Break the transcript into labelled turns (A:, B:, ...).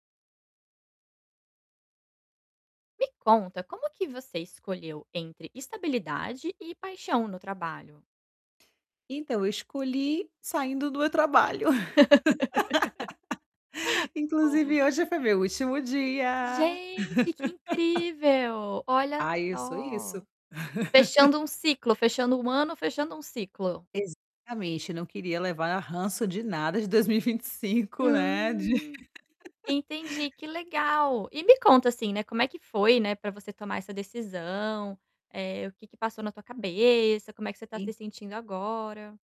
A: Me conta como que você escolheu entre estabilidade e paixão no trabalho?
B: Então, eu escolhi saindo do meu trabalho.
A: Boa.
B: Inclusive hoje foi meu último dia.
A: Gente, que incrível, olha
B: Ai eu sou
A: só.
B: isso.
A: Fechando um ciclo, fechando um ano, fechando um ciclo.
B: Exatamente, não queria levar ranço de nada de 2025, né, de
A: Hum, entendi, que legal. E me conta, assim, né, como é que foi, né, para você tomar essa decisão? Eh, o que que passou na tua cabeça, como é que você está se
B: E
A: sentindo agora?